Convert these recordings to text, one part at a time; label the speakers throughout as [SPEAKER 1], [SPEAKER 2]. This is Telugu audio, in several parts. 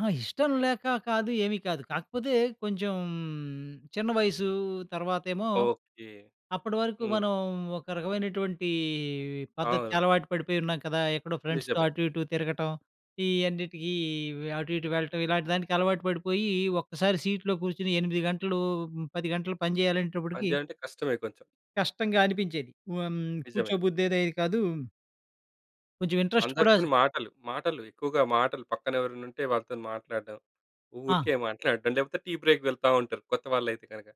[SPEAKER 1] ఆ! ఇష్టం లేకా కాదు, ఏమీ కాదు. కాకపోతే, కొంచెం చిన్న వయసు. తర్వాతేమో,
[SPEAKER 2] ఓకే.
[SPEAKER 1] అప్పడవరకు
[SPEAKER 2] హ్మ్.
[SPEAKER 1] మనం ఒక రకమైనటువంటీ
[SPEAKER 2] అవును.
[SPEAKER 1] పద్ధతికలవాటు పడిపోయున్నాం కదా! ఎక్కడో ఫ్రెండ్స్‌తో
[SPEAKER 2] నిజమే.
[SPEAKER 1] అటు ఇటు తిరగటం, ఈయన్నిటికీ వ్ అటు ఇటు వెళ్ళటం, ఇలాంటి దానికి అలవాటు పడిపోయీ ఒక్కసారి సీట్‌లో కూర్చొని 8 గంటలు, 10 గంటలు పని
[SPEAKER 2] పని
[SPEAKER 1] జెయ్యాలనేటప్పటికి...
[SPEAKER 2] జెయాలంటే కష్టమే కొంచెం.
[SPEAKER 1] కష్టంగా అనిపించేది. హ్మ్,
[SPEAKER 2] నిజమే.
[SPEAKER 1] కూర్చోబుద్ధయ్యేదే కాదు. కొంచెం ఇంట్రస్ట్ కూడా జ్
[SPEAKER 2] అందరితోని మాటలు, మాటలు, ఎక్కువగా మాటలు. పక్కనెవరన్నుంటే వాళ్ళతోని మాట్లాడడం,
[SPEAKER 1] ఆ!
[SPEAKER 2] ఊరికే మాట్లాడడం లేపోతే, టీ బ్రేక్ వెళ్తా ఉంటరు కొత్తవాళ్ళైతే కనక.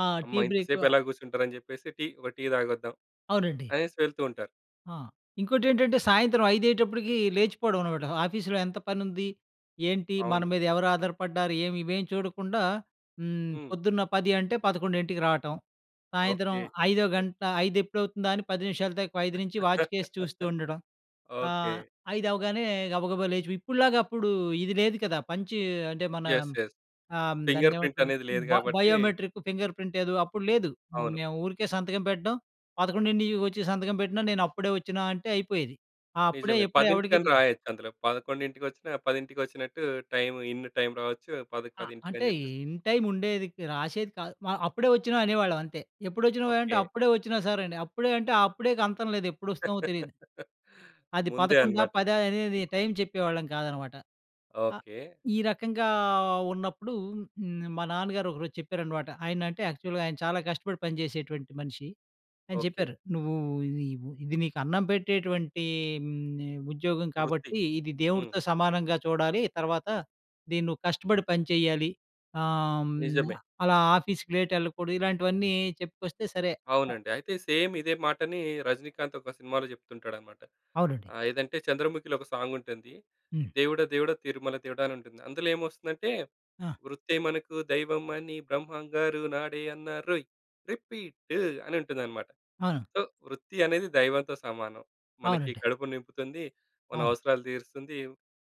[SPEAKER 1] ఆ! టీ
[SPEAKER 2] అమ్మా! ఇంత
[SPEAKER 1] బ్రేకు ఆహ్
[SPEAKER 2] సేపెలా గూసుంటరని జెప్పేసి టీ ఒక టీ తాగొద్దం
[SPEAKER 1] అవునండి.
[SPEAKER 2] అనేసి వెళ్తూ ఉంటారు.
[SPEAKER 1] ఆ! ఇంకోటేంటంటే, సాయంత్రం ఐదయ్యేటప్పుడుకీ లేచిపోడవనమాట. ఆఫీస్‌లో ఎంత పనుంది? ఏంటి? మన
[SPEAKER 2] అవును.
[SPEAKER 1] మీదెవరు ఆధారపడ్డారు? ఏమి ఇవేమి చూడకుండా, హ్మ్.
[SPEAKER 2] హ్మ్.
[SPEAKER 1] పొద్దున్న 10 అంటే 11:00 రాటం. సాయంత్రం
[SPEAKER 2] ఓకే.
[SPEAKER 1] ఐదో గంట ఐదెప్పుడవుతుందా అని 4:50 నుంచి వాచ్‌కేసి చూస్తూ ఉండడం.
[SPEAKER 2] ఓకే.
[SPEAKER 1] ఆహ్, ఐదవ్వగానే గబగబా లేచి వ్ ఇప్పడులాగప్పుడూ ఇది లేదు కదా! పంచ్ అంటే మనా
[SPEAKER 2] యెస్. యెస్.
[SPEAKER 1] ఆహ్, హ్మ్,
[SPEAKER 2] ఫింగర్
[SPEAKER 1] "దాన్నేమంటాం?"
[SPEAKER 2] ప్రింటనేది లేదు
[SPEAKER 1] బ
[SPEAKER 2] గాబట్టి
[SPEAKER 1] బయోమెట్రిక్, ఫింగర్ ప్రింటేదో అప్పుడు లేదు. మ్
[SPEAKER 2] అవును.
[SPEAKER 1] మేవూరికే సంతకం పెట్టడం. పదకొండింటీకొచ్చి సంతకం పెట్టినా, నేనప్పుడే ఒచ్చినా అంటే అయిపోయేది. ఆ అప్పుడే
[SPEAKER 2] నిజమే.
[SPEAKER 1] ఎప్పుడే ఎవడికి
[SPEAKER 2] పదింటికని
[SPEAKER 1] తెలీ
[SPEAKER 2] రాయొచ్చందులో. పదకొండింటికొచ్చినా, పదింటికొచ్చినట్టు టైము ఇన్ను టైమ్ రావొచ్చు పదక్
[SPEAKER 1] ఆ! అంటే,
[SPEAKER 2] పదింటికని
[SPEAKER 1] ఇ
[SPEAKER 2] చెప్పేసి
[SPEAKER 1] ఇన్ టైముండేది. క్ రాసేది కాదు. మ అప్పుడే ఒచ్చినా అనేవాళ్ళవంతే. "ఎప్పుడొచ్చినావోయి?" అంటే,
[SPEAKER 2] ఓకే.
[SPEAKER 1] అప్పుడే ఒచ్చిన సార్ అని. అప్పుడే అంటే, ఆ అప్పుడేకంతం లేదు, ఎప్పుడొస్తామో తెలీదు. అది
[SPEAKER 2] ముందే
[SPEAKER 1] పదకొండా,
[SPEAKER 2] అనమాట.
[SPEAKER 1] పదా? అనేది టైమ్ చెప్పేవాళ్ళం కాదనమాట. ఆ!
[SPEAKER 2] ఓకే.
[SPEAKER 1] ఈ రకంగా ఉన్నప్పుడూ న్ మా నాన్నగారొకరోజు చెప్పారనమాట. ఆయనంటే యాక్చువల్‌గా ఆయన చాలా కష్టపడి పని చేసేటువంటి మనిషి. ఆయన
[SPEAKER 2] ఓకే.
[SPEAKER 1] చెప్పారు. "నువ్వూ ఇది వు ఇది నీకు అన్నం పెట్టేటువంటీ హ్మ్, ఉద్యోగం
[SPEAKER 2] వృత్తి.
[SPEAKER 1] కాబట్టి, ఇది
[SPEAKER 2] హ్మ్.
[SPEAKER 1] దేవుడుతో సమానంగా చూడాలి. తర్వాత దీనువ్వు కష్టపడి పని చెయ్యాలి. ఆహ్, హ్మ్,
[SPEAKER 2] నిజమే.
[SPEAKER 1] అలా ఆఫీస్‌కి లేటెళ్ళకూడదు," ఇలాంటివన్నీ చెప్పుకొస్తే సరే.
[SPEAKER 2] అవునండి. అయితే, సేమ్ ఇదే మాటనీ 'రజనీకాంత్' ఒక సినిమాలో చెప్తుంటాడనమాట.
[SPEAKER 1] అవునండి.
[SPEAKER 2] ఆహ్, ఏదంటే చంద్రముఖిలో ఒక సాంగుంటుంది.
[SPEAKER 1] హ్మ్.
[SPEAKER 2] 'దేవుడా దేవుడా తిరుమల దేవుడా' అనుంటుంది. అందులేమొస్తుందంటే,
[SPEAKER 1] ఆ!
[SPEAKER 2] వృత్తే మనకు దైవం అని బ్రహ్మంగారు నాడే అన్నారోయ్! రిపీట్టు అనుంటుందనమాట.
[SPEAKER 1] అవును.
[SPEAKER 2] సో, వృత్తి అనేది దైవంతో సమానం. మనకి
[SPEAKER 1] అవునండి.
[SPEAKER 2] కడుపు నింపుతుంది, మన
[SPEAKER 1] అవును.
[SPEAKER 2] అవసరాలు తీరుస్తుంది.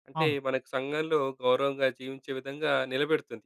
[SPEAKER 2] అంటే,
[SPEAKER 1] అవును.
[SPEAKER 2] మనకు సంఘంలో గౌరవంగా జీవించే విధంగా నిలబెడుతుంది.